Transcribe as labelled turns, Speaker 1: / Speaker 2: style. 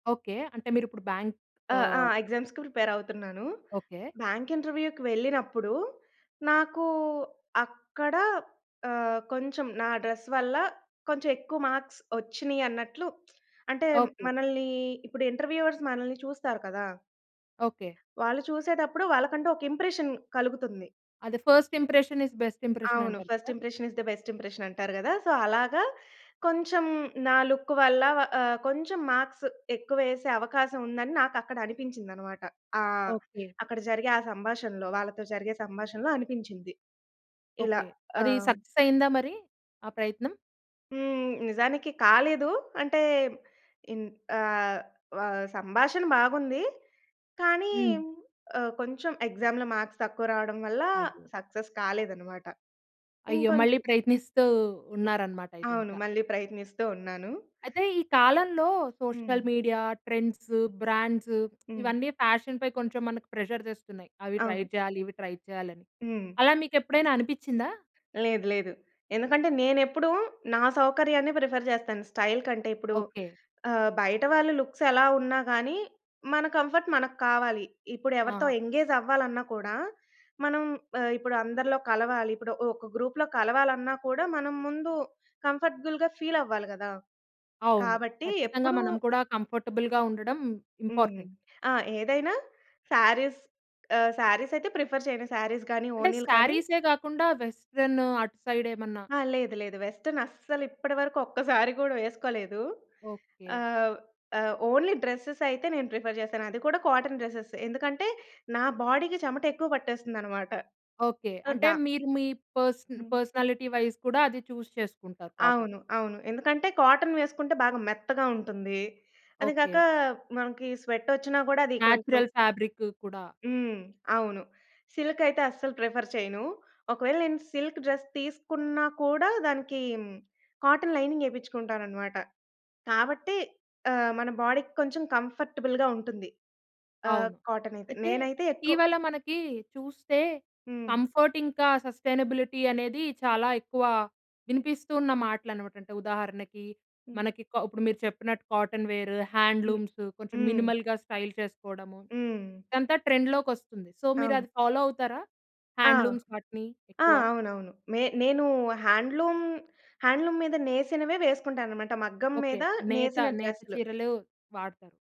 Speaker 1: Okay. అంటే మీరు ఇప్పుడు బ్యాంక్
Speaker 2: ఆహ్, అ!
Speaker 1: ఆహ్
Speaker 2: ఎగ్జామ్స్‌కి ప్రిపేర్ అవుతున్నాను.
Speaker 1: ఓకే.
Speaker 2: బ్యాంక్ ఇంటర్వ్యూ‌కి వెళ్ళినప్పుడు నాకు అక్కడ, ఆహ్, కొంచెం నా డ్రెస్ వల్ల కొంచెం ఎక్కువ మార్క్స్ ఒచ్చినియి అన్నట్లు అంటే
Speaker 1: ఓకే.
Speaker 2: మనల్ని ఇప్పుడు ఇంటర్వ్యూవర్స్ మనల్ని చూస్తారు కదా.
Speaker 1: ఓకే.
Speaker 2: వాళ్ళు చూసేతప్పుడు వాళ్ళకంటూ ఒక ఇంప్రెషన్ కలుగుతుంది.
Speaker 1: అదే. First impression is best impression
Speaker 2: అవును.
Speaker 1: అంటారు
Speaker 2: First
Speaker 1: కదా!
Speaker 2: impression is the best impression అంటారు కదా! So, అలాగా కొంచెం, నా లుక్ వల్ల ఆహ్, కొంచెం మార్క్స్ ఎక్కువేసే అవకాశం ఉందని, నాకు అక్కడ అనిపించిందనమాట. ఆహ్,
Speaker 1: ఓకే.
Speaker 2: అక్కడ జరిగే ఆ సంభాషణలో వాళ్ళతో జరిగే సంభాషణలో అనిపించింది. ఇలా
Speaker 1: ఓకే. అది
Speaker 2: ఆహ్
Speaker 1: సక్సెస్ అయిందా మరి, ఆ ప్రయత్నం?
Speaker 2: హ్మ్. నిజానికి కాలేదు. అంటే, ఇం ఆహ్, సంభాషణ బాగుంది కానీ,
Speaker 1: హ్మ్.
Speaker 2: కొంచెం ఆహ్, ఎక్సామ్‌లో మార్క్స్ తక్కువ రావడం వల్ల
Speaker 1: అయ్యో!
Speaker 2: సక్సెస్ కాలేదనమాట.
Speaker 1: అయ్యో! మళ్ళీ
Speaker 2: ఇంకొంచెం
Speaker 1: ప్రయత్నిస్తూ ఉన్నారనమాట అయితే
Speaker 2: అవును.
Speaker 1: ఇంకా.
Speaker 2: మళ్ళీ ప్రయత్నిస్తూ ఉన్నాను.
Speaker 1: అయితే ఈ కాలంలో
Speaker 2: హ్మ్.
Speaker 1: సోషల్ మీడియా, ట్రెండ్సు, బ్రాండ్సు
Speaker 2: హ్మ్.
Speaker 1: ఇవన్నీ ఫ్యాషన్‌ పై కొంచెం మనకు ప్రెషర్ తెస్తున్నాయి. అవి ట్రై
Speaker 2: అవును.
Speaker 1: చేయాలి, ఇవి ట్రై చేయాలి అని,
Speaker 2: హ్మ్.
Speaker 1: అలా మీకు ఎప్పుడైనా అనిపిచ్చిందా?
Speaker 2: లేదు లేదు. ఎందుకంటే నేనెప్పుడూ, నా సౌకర్యాన్ని ప్రిఫర్ చేస్తాను స్టైల్ కంటే. ఇప్పుడు
Speaker 1: ఓకే.
Speaker 2: ఆహ్, బయటవాళ్ళ లుక్స్ ఎలా ఉన్నా గాని, మన కంఫర్ట్ మనకి కావాలి. ఇప్పుడు ఎవరితో
Speaker 1: ఆహా!
Speaker 2: ఎంగేజ్ అవ్వాలన్నా కూడా, మనం ఆహ్, ఇప్పుడు అందరిలో కలవాలి. ఇప్పుడు ఒక గ్రూప్‌లో కలవాలన్నా కూడా, మనం ముందు కంఫర్టబుల్‌గా ఫీల్ అవ్వాలి కదా!
Speaker 1: అవును.
Speaker 2: కాబట్టి
Speaker 1: ఖచ్చితంగా
Speaker 2: ఎప్పుడు
Speaker 1: మనం కూడా కంఫర్టబుల్‌గా ఉండడం
Speaker 2: హ్మ్.
Speaker 1: ఇంపార్టెంట్.
Speaker 2: ఆ! ఏదైనా శారీస్ అహ్, శారీస్ అయితే ప్రిఫర్ చేయను. శారీస్ గాని,
Speaker 1: అంటే
Speaker 2: ఓణీలు కానీ.
Speaker 1: శారీసే కాకుండా వెస్టర్న్ అటు సైడ్ ఏమన్నా.
Speaker 2: ఆ! లేదు లేదు. వెస్టర్న్ అస్సలు ఇప్పటి వరకు ఒక్కసారి కూడా వేస్కొలేదు.
Speaker 1: ఓకే.
Speaker 2: ఆహ్, ఆహ్, ఓన్లీ డ్రెసెస్ అయితే నేను ప్రిఫర్ చేస్తాను. అది కూడా కాటన్ డ్రెస్సెస్సే ఎందుకంటే, నా బాడీకి చెమటెక్కువ పట్టేస్తుందనమాట.
Speaker 1: ఓకే.
Speaker 2: సో,
Speaker 1: అంటే
Speaker 2: దా
Speaker 1: మీరు, మీ పర్స
Speaker 2: హ్మ్.
Speaker 1: పర్సనాలిటీ వైస్ కూడా, అది చూస్ చేసుకుంటారు కాటన్.
Speaker 2: అవును. అవును. ఎందుకంటే కాటన్ వేసుకుంటే, బాగా మెత్తగా ఉంటుంది. అది కాక
Speaker 1: ఓకే.
Speaker 2: మనకి స్వెట్ వచ్చినా కూడా అది కొంచెం
Speaker 1: నేచరల్ ఫాబ్రిక్కు కూడా
Speaker 2: హ్మ్. అవును. సిల్క్ అయితే అస్సలు ప్రిఫర్ చేయను. ఒకవేళ నేను సిల్క్ డ్రెస్ తీసుకున్నా కూడా, దానికి కాటన్ లైనింగ్ ఎపించుకుంటానన్నమాట. కాబట్టి ఆహ్, మన బాడీకి కొంచెం కంఫర్టబుల్‌గా ఉంటుంది. ఆహ్,
Speaker 1: అవును.
Speaker 2: కాటన్ అయితే
Speaker 1: అయితే
Speaker 2: నేనైతే ఎక్కువ
Speaker 1: ఇటీవల మనకి చూస్తే
Speaker 2: హ్మ్.
Speaker 1: కంఫర్ట్ ఇంకా, సస్టెయినబిలిటీ అనేది చాలా ఎక్కువ వినిపిస్తూ ఉన్న మాటలనమాట. అంటే ఉదాహరణకి
Speaker 2: హ్మ్.
Speaker 1: మనకి, క ఇప్పుడు మీరు చెప్పినట్టు కాటన్ వేర్,
Speaker 2: హ్మ్.
Speaker 1: హ్యాండ్లూమ్స్ కొంచెం
Speaker 2: హ్మ్.
Speaker 1: మినిమల్‍గా స్టైల్ చేసుకోవడము,
Speaker 2: హ్మ్.
Speaker 1: ఇదంతా ట్రెండ్‌లోకొస్తుంది. సో, మీరు
Speaker 2: అవును.
Speaker 1: అది ఫాలో అవుతారా,
Speaker 2: ఆ!
Speaker 1: హ్యాండ్లూమ్స్ వాటిని
Speaker 2: ఆ!
Speaker 1: ఎక్కువ?
Speaker 2: అవునవును. నే నేను హాండ్లూమ్ హాండ్లూమ్ మీద నేసినవే వేసుకుంటాననమాట. మగ్గం
Speaker 1: ఓకే.
Speaker 2: మీద
Speaker 1: నేత
Speaker 2: నేసిన
Speaker 1: నేత
Speaker 2: డ్రెస్సులు.
Speaker 1: చీరలు వాడతారు.